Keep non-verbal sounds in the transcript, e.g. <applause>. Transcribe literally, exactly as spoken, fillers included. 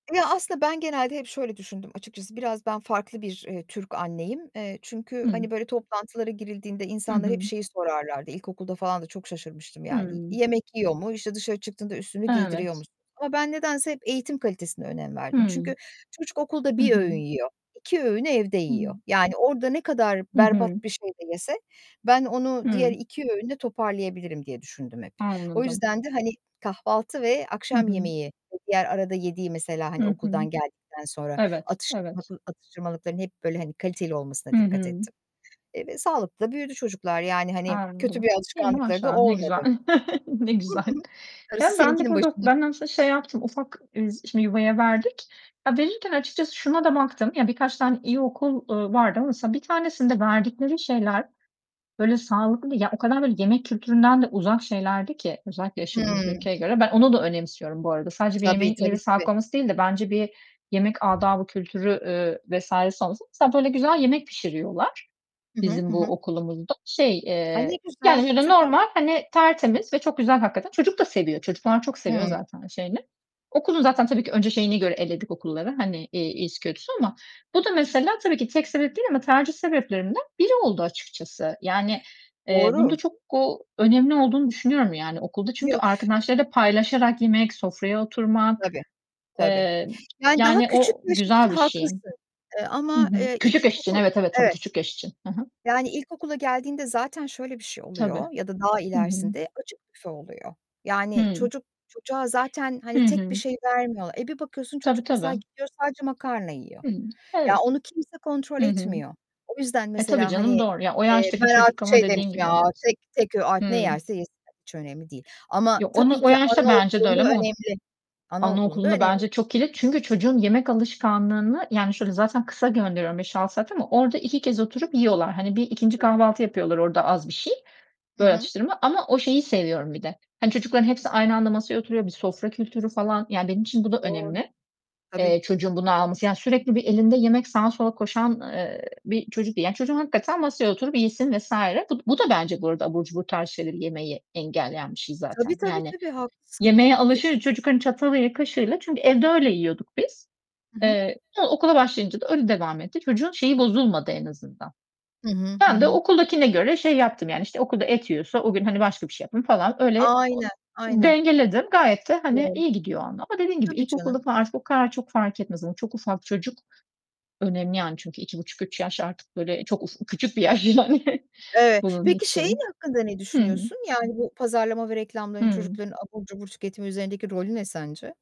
Ya, aslında ben genelde hep şöyle düşündüm açıkçası, biraz ben farklı bir, eee, Türk anneyim. Eee, çünkü, Hı. hani, böyle toplantılara girildiğinde Hı insanlar hep hı. şeyi sorarlardı, ilkokulda falan da çok şaşırmıştım, yani, "Y Hıı. yemek yiyor mu, işte, dışarı çıktığında üstünü giydiriyor Evet. musunuz?" ama ben nedense hep eğitim kalitesine önem verdim çünkü Hıı. çocuk okulda Hı bir hı. öğün yiyor, iki öğünü evde Hıı. yiyor. Yani, orada ne kadar Hı berbat hı. bir şey de yese ben onu diğer Hıı. iki öğünde toparlayabilirim diye düşündüm hep. O Anladım. yüzden de hani, kahvaltı ve Hı akşam hı. yemeği ve diğer arada yediği, mesela, Hı hani, hı. okuldan geldikten sonra, Evet, evet. atıştırmalık atıştırmalıkların hep, böyle, hani, kaliteli olmasına Hı dikkat hı. ettim, eee, ve sağlıklı da büyüdü çocuklar, yani, hani, kötü Anladım. bir İyi, alışkanlıkları da maşallah, ne olmadı. güzel. <chuckles> Ne Hı güzel. hı. Darısı Ya, ben de seninkinin burada başına. ben aslında şey yaptım ufak, eee, s şimdi yuvaya verdik. Ya, verirken açıkçası şuna da baktım. Ya, birkaç tane iyi okul, ııı, vardı ama mesela, bir tanesinde verdikleri şeyler, böyle, sağlıklı ya o kadar böyle yemek kültüründen de uzak şeylerdi ki özellikle yaşadığımız Hımm. ülkeye göre. Ben onu da önemsiyorum bu arada. Sadece bir Tabii, yemeğin iyi tabii, ve tabii. sağlıklı olması değil de bence bir yemek adabı kültürü, eee, vs. si olması. <unintelligible> Güzel yemek pişiriyorlar, Hı hı. bizim Hı bu hı. okulumuzda. Şey, Ay, ne eee, yani, güzel, öyle, süper. normal, hani, tertemiz ve çok güzel hakikaten. Çocuk da seviyor çocuklar çok seviyor Hıı. zaten şeyini. Okulun zaten tabii ki önce şeyine göre eledik okulları, hani, iii, iyisi kötüsünü ama bu da, mesela, tabii ki tek sebep değil ama tercih sebeplerinden biri oldu açıkçası. Yani, eee, bunun da Doğru. çok, ooo, önemli olduğunu düşünüyorum, yani, okulda çünkü Yok. arkadaşlarıyla paylaşarak yemek, sofraya oturmak, Tabii. Tabii. eee, Yani, daha yani, küçük o yaş için güzel bir şey. haklısın, eee, Hı ama, hı. eee, Küçük yaş için, ilkokul evet, evet, tabii Evet. küçük yaş için. Hı hı. Yani, ilkokula geldiğinde zaten şöyle bir şey oluyor Tabii. ya da daha Hı hı. ilerisinde açık büfe oluyor. Yani, Hıı. çocuk çocuğa zaten, Hı hani, tek bir hı. şey vermiyorlar. E, bir bakıyorsun Tabii, çocuk, mesela, tabii. gidiyor sadece makarna yiyor. Hıı. Ya, Evet. onu kimse kontrol Hı hı. etmiyor. O yüzden E, tabii mesela, hani, canım doğru. Ya, o eee, yaştaki ben çocuk artık ama şey Dediğin demiştim gibi ya, evet. tek tek ö artık ne Hımm. yerse yesin, hiç önemli değil. Ama Ya onu tabii o ki yaşta bence de anaokulunda öyle ama o önemli, anaokulunda anaokulunda önemli. bence çok kilit çünkü çocuğun yemek alışkanlığını yani, şöyle zaten kısa gönderiyorum beş altı saat ama orada iki kez oturup yiyorlar. Hani, bir ikinci Tabii. kahvaltı yapıyorlar orada az bir şey, Hı böyle, hı. atıştırma ama o şeyi seviyorum bir de. Hani, çocukların hepsi aynı anda masaya oturuyor, bir sofra kültürü falan, yani benim için bu da Doğru. önemli, Tabii. eee, çocuğun bunu alması, yani sürekli bir elinde yemek, sağa sola koşan, eee, bir çocuk değil. Yani, çocuğum hakikaten masaya oturup yesin vs. Bu d bu da bence burada abur cubur tarzı şeyleri yemeyi engelleyen bir şey Tabii, zaten, tabii, yani, tabii haklısın. yemeğe Kes alışır, çocuk, hani, çatalıyla, kaşığıyla çünkü evde öyle yiyorduk biz. Hı hı. Eee, sonra okula başlayınca da öyle devam etti. Çocuğun şeyi bozulmadı en azından. Hı hı. Hı Ben de hı. okuldakine göre şey yaptım, yani, işte, okulda et yiyorsa o gün, hani, başka bir şey yaptım falan. Öyle o Aynen, aynen. dengeledim. Gayet de hani, Doğru. iyi gidiyor orda dediğim gibi Tabii, ilkokulda canım. falan artık o kadar çok fark etmez ama çok ufak çocuk, önemli, yani, çünkü iki buçuk üç yaş artık böyle çok uf küçük bir yaş yani Evet. bunun Peki, şeyin için. hakkında ne Hı hı. düşünüyorsun? Yani, bu pazarlama ve reklamların Hıı. çocukların abur cubur tüketimi üzerindeki rolü ne sence?